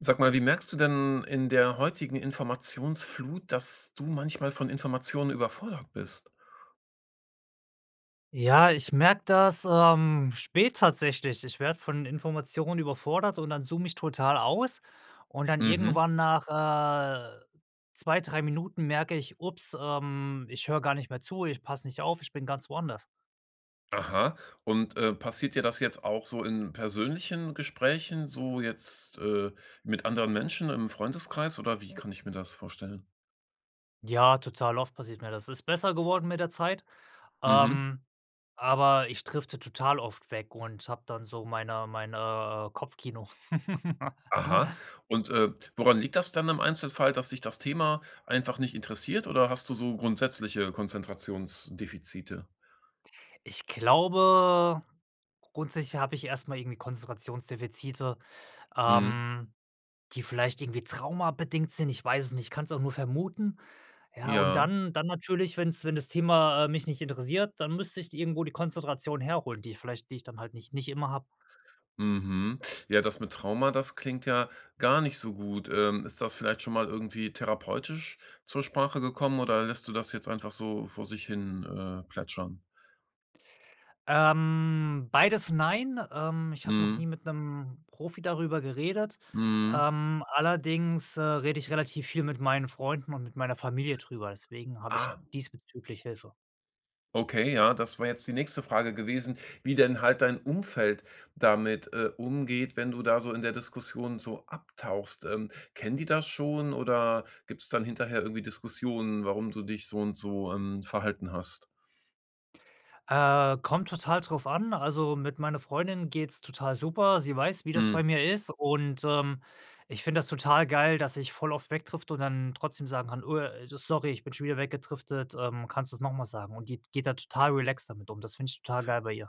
Sag mal, wie merkst du denn in der heutigen Informationsflut, dass du manchmal von Informationen überfordert bist? Ja, ich merke das, ähm, spät tatsächlich, ich werde von Informationen überfordert und dann zoome ich total aus und dann Mhm. irgendwann nach äh, 2, 3 Minuten merke ich: „Upps, ähm, ich höre gar nicht mehr zu ich passe nicht auf, ich bin ganz woanders.“ Aha. Und, äh, passiert dir das jetzt auch so in persönlichen Gesprächen so jetzt, äh, mit anderen Menschen im Freundeskreis oder wie kann ich mir das vorstellen? Ja, total oft passiert mir das. Ist besser geworden mit der Zeit. Mhm. Ähm, aber ich drifte total oft weg und habe dann so meine mein, äh, Kopfkino. Aha. Und, äh, woran liegt das dann im Einzelfall? Dass dich das Thema einfach nicht interessiert, oder hast du so grundsätzliche Konzentrationsdefizite? Ich glaube, grundsätzlich habe ich erst mal irgendwie Konzentrationsdefizite, Mhm. ähm, die vielleicht irgendwie Trauma-bedingt sind, ich weiß es nicht, ich kann s auch nur vermuten. Ja und Ja. dann dann natürlich, wenn's wenn das Thema, äh, mich nicht interessiert, dann müsste ich irgendwo die Konzentration herholen, die vielleicht die ich dann halt nicht nicht immer habe. Mhm. Ja, das mit Trauma, das klingt ja gar nicht so gut. Ähm, ist das vielleicht schon mal irgendwie therapeutisch zur Sprache gekommen, oder lässt du das jetzt einfach so vor sich hin äh, plätschern? Ähm, beides nein. Ähm, ich habe noch Mhm. nie mit 'nem Profi darüber geredet. Mhm. Ähm, allerding, äh, rede ich relativ viel mit meinen Freunden und mit meiner Familie drüber, deswegen habe ich Ah. diesbezüglich Hilfe. Okay, ja, das war jetzt die nächste Frage gewesen, wie denn halt dein Umfeld damit, äh, umgeht, wenn du da so in der Diskussion so abtauchst. Ähm, kennen die das schon oder gibt's dann hinterher irgendwie Diskussionen, warum du dich so und so, ähm, verhalten hast? Äh, kommt total drauf an, also, mit meiner Freundin geht's total super. Sie weiß, wie das bei Mhm. mir ist und, ähm, ich finde das total geil, dass ich voll oft wegdrifte und dann trotzdem sagen kann: „Oh, äh, sorry, ich bin schon wieder weggedriftet, ähm, kannst du's noch mal sagen.“ Und die d geht da total relaxed damit um. Das finde ich total geil bei ihr.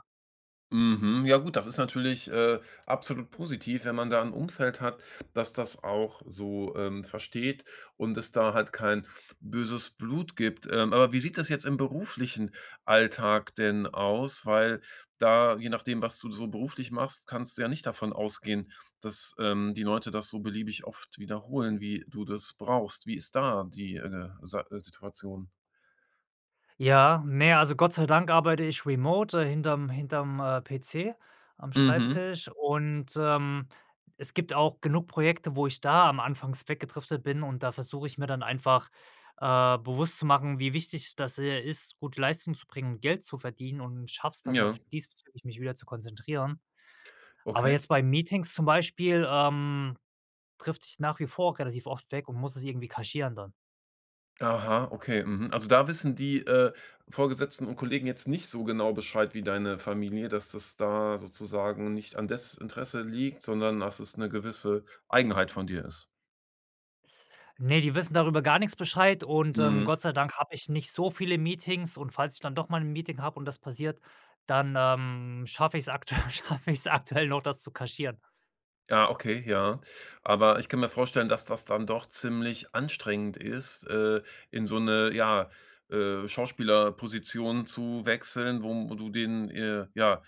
Mhm, ja gut, das ist natürlich, äh, absolut positiv, wenn man da 'n Umfeld hat, dass das auch so, ähm, versteht und es da halt kein böses Blut gibt. Ähm, aber wie sieht das jetzt im beruflichen Alltag denn aus? Weil da je nachdem, was du so beruflich machst, kannst du ja nicht davon ausgehen, dass, ähm, die Leute das so beliebig oft wiederholen, wie du das brauchst. Wie ist da die, äh, Sei Situation? Ja, ne, also Gott sei Dank arbeite ich remote äh, hinter'm hinter'm, äh, PC am Mhm. Schreibtisch und, ähm, es gibt auch genug Projekte, wo ich da am anfangs weggedriftet bin, und da versuche ich mir dann einfach, äh, bewusst zu machen, wie wichtig das, äh, ist, gute Leistung zu bringen und Geld zu verdienen, und schaffe es dann auch Ja. diesbezüglich, mich wieder zu konzentrieren. Aber Okay. jetzt bei Meetings zum Beispiel, ähm, drifte ich nach wie vor relativ oft weg und muss es irgendwie kaschieren dann. Aha, okay, mhm, also da wissen die, äh, Vorgesetzten und Kollegen jetzt nicht so genau Bescheid wie deine Familie dass da sozusagen nicht an Desinteresse liegt, sondern dass es 'ne gewisse Eigenheit von dir ist? Ne, die wissen darüber gar nix Bescheid und, ähm, Mhm. Gott sei Dank habe ich nicht so viele Meetings und falls ich dann doch mal 'n Meeting habe und das passiert, dann, ähm, schaffe ich's aktuell schaffe ich's aktuell noch, das zu kaschieren. Ja, okay, ja. Aber ich kann mir vorstellen, dass das dann doch ziemlich anstrengend ist, äh, in so 'ne, ja, äh, Schauspielerposition zu wechseln, wo du den äh, ja,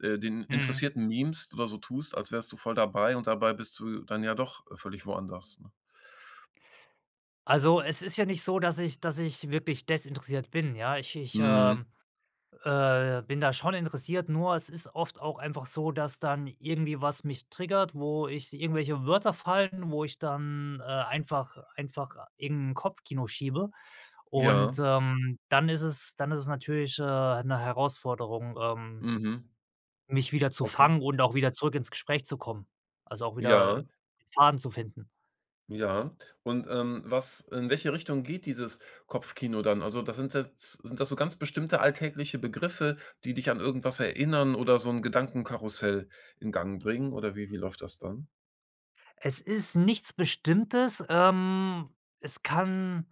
äh, den Mhm. Interessierten mimst oder so tust, als wärst du voll dabei, und dabei bist du dann ja doch völlig woanders, ne? Also, es ist ja nicht so, dass ich dass ich wirklich desinteressiert bin, ja. Ich ich, Mhm. ähm, äh, bin da schon interessiert, nur es ist oft auch einfach so, dass dann irgendwie was mich triggert, wo ich irgendwelche Wörter fallen, wo ich dann, äh, einfach einfach irgend 'n Kopfkino schiebe und, Ja. ähm, dann ist es dann ist es natürlich, äh, 'ne Herausforderung, ähm Mhm. mich wieder zu Okay. fangen und auch wieder zurück ins Gespräch zu kommen. Also, auch wieder Ja. Faden zu finden. Ja. Und, ähm, was in welche Richtung geht dieses Kopfkino dann? Also, da sind jetzt sind das so ganz bestimmte alltägliche Begriffe, die dich an irgendwas erinnern oder so 'n Gedankenkarussell in Gang bringen oder wie wie läuft das dann? Es ist nichts Bestimmtes. Ähm, es kann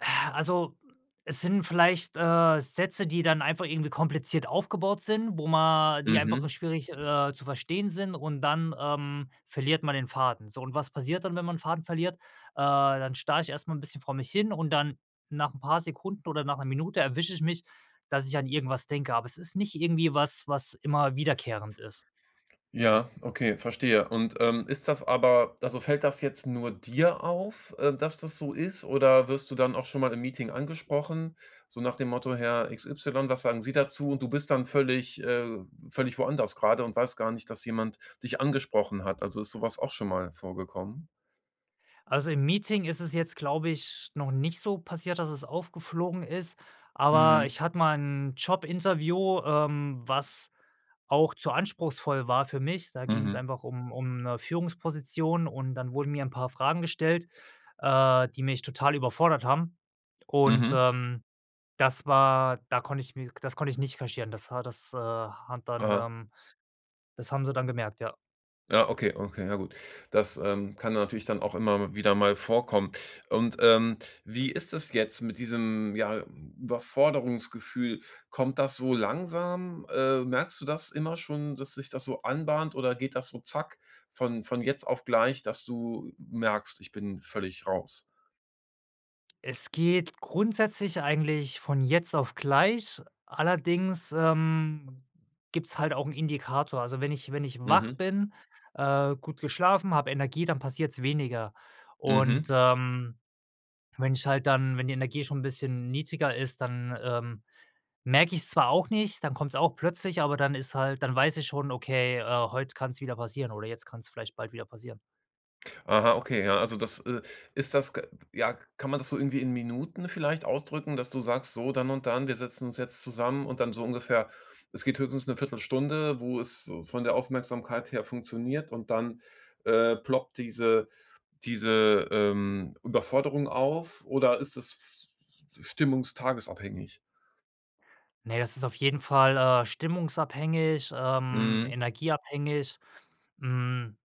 äh, also es sind vielleicht, äh, Sätze, die dann einfach irgendwie kompliziert aufgebaut sind, wo ma die einfach Mhm. nur schwierig, äh, zu verstehen sind und dann, ähm, verliert man den Faden. So und was passiert dann, wenn man 'n Faden verliert? Äh, dann starre ich erst mal 'n bisschen vor mich hin und dann, nach 'n paar Sekunden oder nach 'ner Minute, erwische ich mich, dass ich an irgendwas denke, aber es ist nicht irgendwie was, was immer wiederkehrend ist. Ja, okay, verstehe. Und, ähm, ist das aber also fällt das jetzt nur dir auf, äh, dass das so ist oder wirst du dann auch schon mal im Meeting angesprochen, so nach dem Motto: „Herr XY, was sagen sie dazu?“, und du bist dann völlig äh, völlig woanders gerade und weiß gar nicht, dass jemand dich angesprochen hat? Also, ist so was auch schon mal vorgekommen? Also, im Meeting ist es jetzt, glaube ich, noch nicht so passiert, dass es aufgeflogen ist, aber Mhm. ich hatte mal 'n Jobinterview, ähm, was, auch zu anspruchsvoll war für mich. Da ging's Mhm. einfach um um, 'ne Führungsposition und dann wurden mir 'n paar Fragen gestellt, äh, die mich total überfordert haben. Und, Mhm. ähm, das war da konnte ich mir k das konnte ich nicht kaschieren. Das war das, äh, hat dann, Aha. ähm das haben sie dann gemerkt, ja. Ja, okay, okay, ja gut. Das, ähm, kann natürlich dann auch immer w wieder mal vorkommen. Und, ähm, wie ist das jetzt mit diesem, ja, Überforderungsgefühl? Kommt das so langsam? Äh, merkst du das immer schon, dass sich das so anbahnt oder geht das so zack, von von jetzt auf gleich, dass du merkst: „Ich bin völlig raus?“ Es geht grundsätzlich eigentlich von jetzt auf gleich, allerdings, ähm, gibt's halt auch 'n Indikator. Also, wenn ich wenn ich wach Mhm. bin, äh, gut geschlafen, habe Energie, dann passiert's weniger und, Mhm. ähm, wenn ich halt dann wenn die Energie schon 'n bisschen niedriger ist, dann, ähm, merke ich's zwar auch nicht, dann kommt's auch plötzlich, aber dann ist halt dann weiß ich schon: „Okay, äh, heute kann's wieder passieren“, oder: „Jetzt kann's vielleicht bald wieder passieren.“ Aha, okay, ja, also das, äh ist das k ja, kann man das so irgendwie in Minuten vielleicht ausdrücken, dass du sagst: „So, dann und dann, wir setzen uns jetzt zusammen und dann so ungefähr es geht höchstens 'ne Viertelstunde, wo es so von der Aufmerksamkeit her funktioniert“ und dann, äh, ploppt diese diese, ähm, Überforderung auf oder ist es f f stimmungs-tages-abhängig? Ne das ist auf jeden Fall, äh, stimmungsabhängig, ähm, Mhm. energieabhängig. Hm,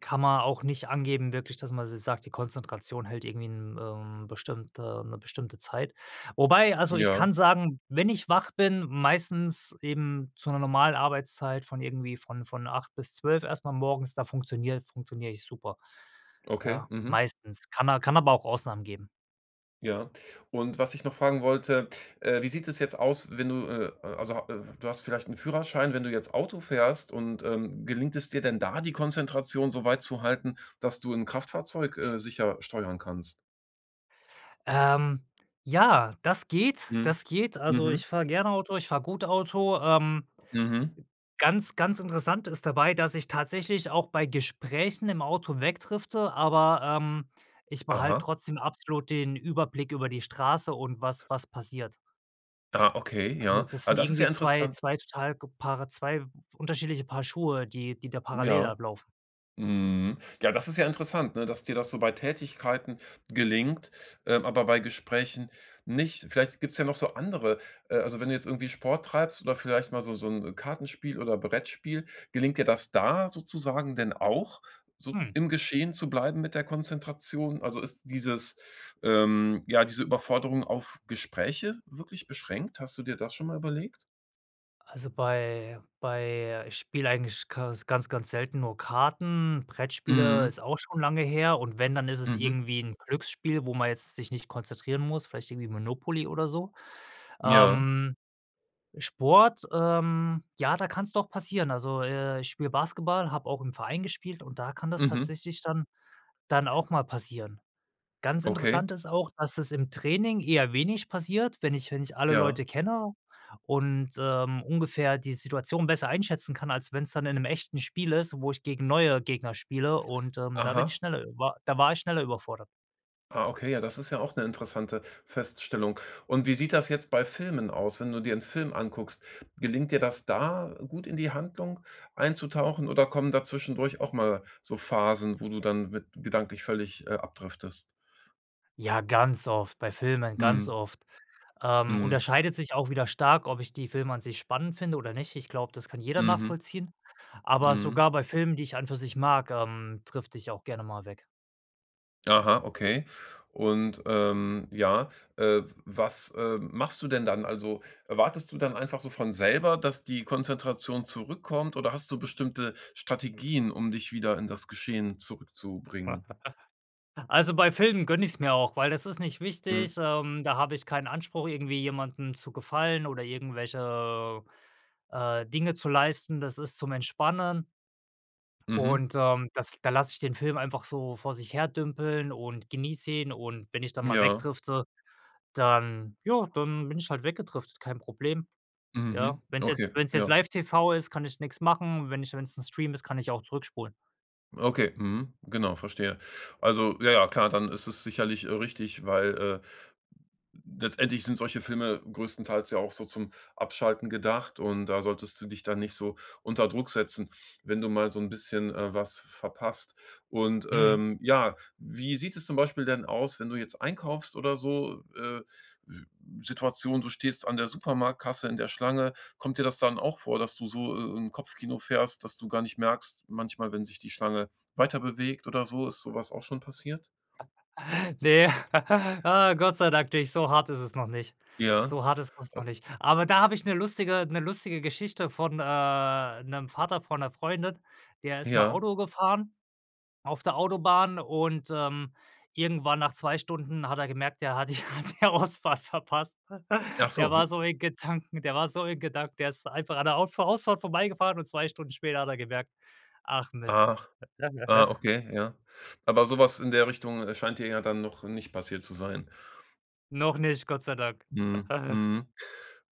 kann man auch nicht angeben wirklich, dass man so sagt: „Die Konzentration hält irgendwie 'n ähm, bestimmte 'ne bestimmte Zeit.“ Wobei also ich Ja. kann sagen: Wenn ich wach bin, meistens eben zu 'ner normal Arbeitszeit von irgendwie von von 8:00 bis 12:00 erst mal morgens, da funktioniere funktioniere ich super. Okay. Ja, Mhm. meistens. Kann a kann aber auch Ausnahmen geben. Ja, und was ich noch fragen wollte, äh: Wie sieht es jetzt aus, wenn du, äh äh also ha äh, du hast vielleicht 'n Führerschein. Wenn du jetzt Auto fährst und ähm, gelingt es dir denn da, die Konzentration so weit zu halten, dass du 'n Kraftfahrzeug, äh, sicher steuern kannst? Ähm, ja, das geht, Mhm, das geht. Also, mhm. ich fahre gerne Auto ich fahre gut Auto. Ähm, Mhm. ganz, ganz interessant ist dabei, dass ich tatsächlich auch bei Gesprächen im Auto wegdrifte, aber, ähm, ich behalte Aha. trotzdem absolut den Überblick über die Straße und was was passiert. Ah, okay, Also, ja. das Ah, sind das ist ja irgendwie 2 interessant. 2 total ge paare 2 unterschiedliche Paar Schuhe, die die da parallel Ja. ablaufen. Mhm, ja, das ist ja interessant, ne, dass dir das so bei Tätigkeiten gelingt, ähm, aber bei Gesprächen nicht. Vielleicht gibt's ja noch so andere äh, also, wenn du jetzt irgendwie Sport treibst oder vielleicht mal so so 'n Kartenspiel oder Brettspiel, gelingt dir das da sozusagen denn auch, so Hm. im Geschehen zu bleiben mit der Konzentration? Also, ist dieses, ähm ja, diese Überforderung auf Gespräche wirklich beschränkt? Hast du dir das schon mal überlegt? Also, bei bei ich spiele eigentlich Kas ganz ganz selten nur Karten, Brettspiele Mhm. ist auch schon lange her und wenn, dann isses Mhm. irgendwie 'n Glücksspiel, wo man jetzt sich nicht konzentrieren muss, vielleicht irgendwie Monopoly oder so. Ja. Ähm, Sport, ähm, ja, da kann's doch passieren. Also, äh, ich spiele Basketball, habe auch im Verein gespielt und da kann das Mhm. tatsächlich dann dann auch mal passieren. Ganz Okay. interessant ist auch, dass es im Training eher wenig passiert, wenn ich wenn ich alle Ja. Leute kenne und, ähm, ungefähr die Situation besser einschätzen kann, als wenn's dann in 'nem echten Spiel ist, wo ich gegen neue Gegner spiele und, ähm, da bin ich Aha. schneller, ü wa da war ich schneller überfordert. Ah, okay, ja, das ist ja auch 'ne interessante Feststellung. Und wie sieht das jetzt bei Filmen aus, wenn du dir 'n Film anguckst? Gelingt dir das da, gut in die Handlung einzutauchen, oder kommen da zwischendurch auch mal so Phasen, wo du dann mit gedanklich völlig, äh, abdriftest? Ja, ganz oft bei Filmen, ganz Mhm. oft. Ähm, Mhm. unterscheidet sich auch wieder stark, ob ich die Filme an sich spannend finde oder nicht. Ich glaube, das kann jeder Mhm. nachvollziehen, aber Mhm. sogar bei Filmen, die ich an und für sich mag, ähm, drifte ich auch gerne mal weg. Aha, okay. Und, ähm, ja, äh, w was, äh, machst du denn dann? Also, erwartest du dann einfach so von selber, dass die Konzentration zurückkommt oder hast du bestimmte Strategien, um dich wieder in das Geschehen zurückzubringen? Also, bei Filmen gönne ich's mir auch, weil das ist nicht Mhm. wichtig, ähm, da habe ich keinen Anspruch irgendwie jemanden zu gefallen oder irgendwelche, äh, Dinge zu leisten. Das ist zum Entspannen Mhm. und, ähm, das da lasse ich den Film einfach so vor sich her dümpeln und genieße ihn und wenn ich dann mal Ja. wegdrifte, dann ja, dann bin ich halt weggedriftet, kein Problem, ja. Mhm. Wenn's jetzt Okay, wenn's jetzt ja. live-TV ist, kann ich nix machen und wenn ich wenn's 'n Stream ist, kann ich auch zurückspulen. Okay, mhm, genau, verstehe. Also, ja, ja, klar, dann ist es sicherlich, äh, richtig, weil, äh, letztendlich sind solche Filme größtenteils ja auch so zum Abschalten gedacht, und da solltest du dich dann nicht so unter Druck setzen, wenn du mal so 'n bisschen, äh, was verpasst. Und, Mhm. ähm, ja, wie sieht es zum Beispiel denn aus, wenn du jetzt einkaufst oder so? Äh, w Situation: Du stehst an der Supermarktkasse in der Schlange. Kommt dir das dann auch vor, dass du so, äh, 'n Kopfkino fährst, dass du gar nicht merkst manchmal, wenn sich die Schlange weiterbewegt oder so? Ist so was auch schon passiert? Ne. Ah, Gott sei Dank nicht, so hart ist es noch nicht. Ja. So hart ist es noch [unintelligible] nicht. Aber da habe ich 'ne lustige 'ne lustige Geschichte von, äh, 'nem Vater von 'ner Freundin. Der ist mal Ja. Auto gefahren auf der Autobahn und, ähm, irgendwann nach 2 Stunden hat er gemerkt, er hat die, er hat die Ausfahrt verpasst. Ach Der so, j war so in Gedanken der war so in Gedanken, der ist einfach an der Auffahr Ausfahrt vorbeigefahren und 2 Stunden später hat er gemerkt: „Ach Mist.“ Ach, ah, okay, ja. Aber so was in der Richtung, äh, scheint dir ja dann noch nicht passiert zu sein? Noch nicht, Gott sei Dank. Mhm, mhm,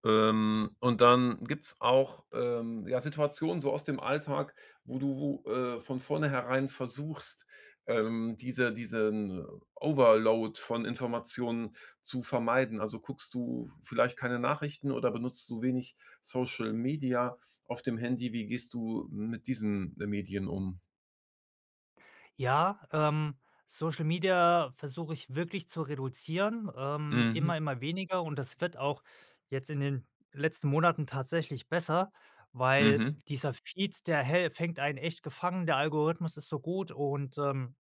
ähm, und dann gibt's auch, ähm, ja, Situationen so aus dem Alltag, wo du wo, äh, von vorneherein versuchst, ähm, diese diesen Overload von Informationen zu vermeiden. Also, guckst du v vielleicht keine Nachrichten oder benutzt du wenig Social-Media auf dem Handy? Wie gehst du mit diesen, äh, Medien um? Ja, ähm, Social-Media versuche ich wirklich zu reduzieren, ähm, Mhm. immer immer weniger, und das wird auch jetzt in den letzten Monaten tatsächlich besser. Weil Mhm. dieser Feed, der häl fängt einen echt gefangen, der Algorithmus ist so gut und, ähm,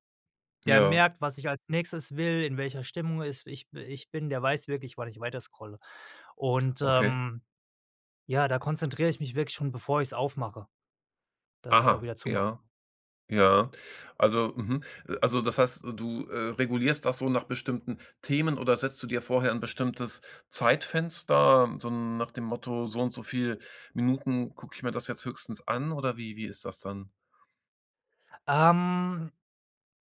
der Ja. merkt, was ich als Nächstes will, in welcher Stimmung es ich bi ich bin. Der weiß wirklich, wann ich weiterscrolle. Und, Okay. ähm, ja, da konzentriere ich mich wirklich schon, bevor ich's aufmache, dass ich's auch Aha, wieder zumache. ja. Ja. Also, mhm. Äh, also das heißt, du, äh, regulierst das so nach bestimmten Themen oder setzt du dir vorher 'n bestimmtes Zeitfenster, so nach dem Motto: „So und so viel Minuten gucke ich mir das jetzt höchstens an“ oder wie wie ist das dann? Ähm,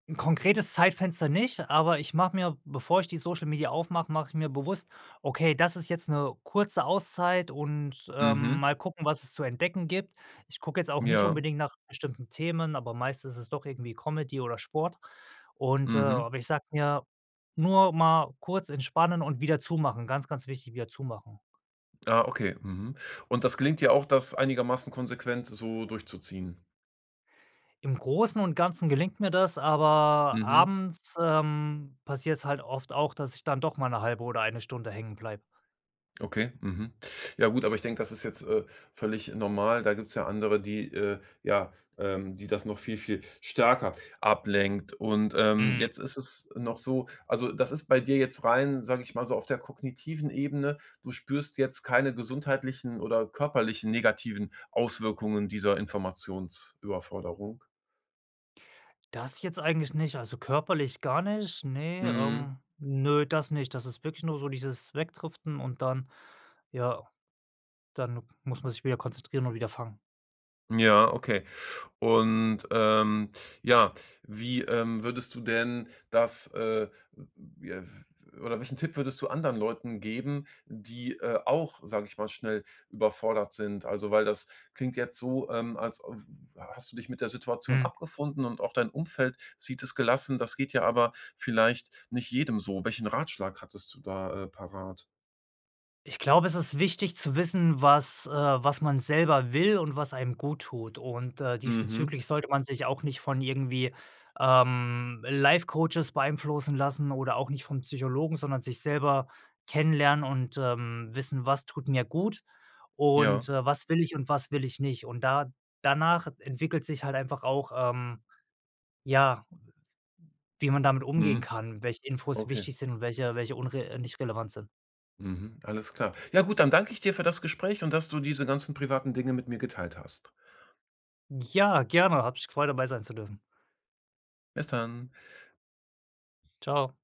'n konkretes Zeitfenster nicht, aber ich mache mir bevor ich die Social Media aufmache, mache ich mir bewusst: „Okay, das ist jetzt 'ne kurze Auszeit und, äh, Mhm. mal gucken, was es zu entdecken gibt.“ Ich gucke jetzt auch nicht Ja. unbedingt nach bestimmten Themen, aber meistens ist es doch irgendwie Comedy oder Sport und, äh Mhm. aber ich sage mir: „Nur mal kurz entspannen und wieder zumachen.“ Ganz, ganz wichtig: Wieder zumachen. Ah, okay. Mhm. Und das gelingt dir auch, das einigermaßen konsequent so durchzuziehen? Im Großen und Ganzen gelingt mir das, aber Mhm. abends, ähm, passiert's halt oft auch, dass ich dann doch mal 'ne 1/2 oder 1 Stunde hängen bleibe. Okay, mhm. Ja gut, aber ich denke, das ist jetzt, äh, völlig normal. Da gibt's ja andere, die, äh ja, ähm, die das noch viel, viel stärker ablenkt. Und, ähm, Mhm. jetzt ist es noch so also, das ist bei dir jetzt rein, sage ich mal so, auf der kognitiven Ebene. Du spürst jetzt keine gesundheitlichen oder körperlichen negativen Auswirkungen dieser Informationsüberforderung? Das jetzt eigentlich nicht, also, körperlich gar nicht, ne, Mhm. ähm. Ne, das nicht. Das ist wirklich nur so dieses Wegdriften und dann ja, dann muss man sich wieder konzentrieren und wieder fangen. Ja, okay. Und, ähm, ja, wie, ähm, würdest du denn das, äh [unintelligible] oder welchen Tipp würdest du anderen Leuten geben, die, äh, auch, sage ich mal, schnell überfordert sind? Also, weil das klingt jetzt so, ähm, als w hast du dich mit der Situation Mhm. abgefunden und auch dein Umfeld sieht es gelassen. Das geht ja aber vielleicht nicht jedem so. Welchen Ratschlag hättest du da, äh, parat? Ich glaube, es ist wichtig zu wissen, was äh, was man selber will und was einem guttut und, äh, Mhm. diesbezüglich sollte man sich auch nicht von irgendwie, ähm, Life-Coaches beeinflussen lassen oder auch nicht vom Psychologen, sondern sich selber kennenlernen und, ähm, wissen, was tut mir gut und, Ja. äh, was will ich und was will ich nicht und da danach entwickelt sich halt einfach auch, ähm ja. Wie man damit umgehen Mhm, kann, welche Infos okay. wichtig sind und welche welche unre nicht relevant sind. Mhm, alles klar. Ja, gut, dann danke ich dir für das Gespräch und dass du diese ganzen privaten Dinge mit mir geteilt hast. Ja, gerne, hat mich gefreut, dabei sein zu dürfen. Bis dann. Tschau.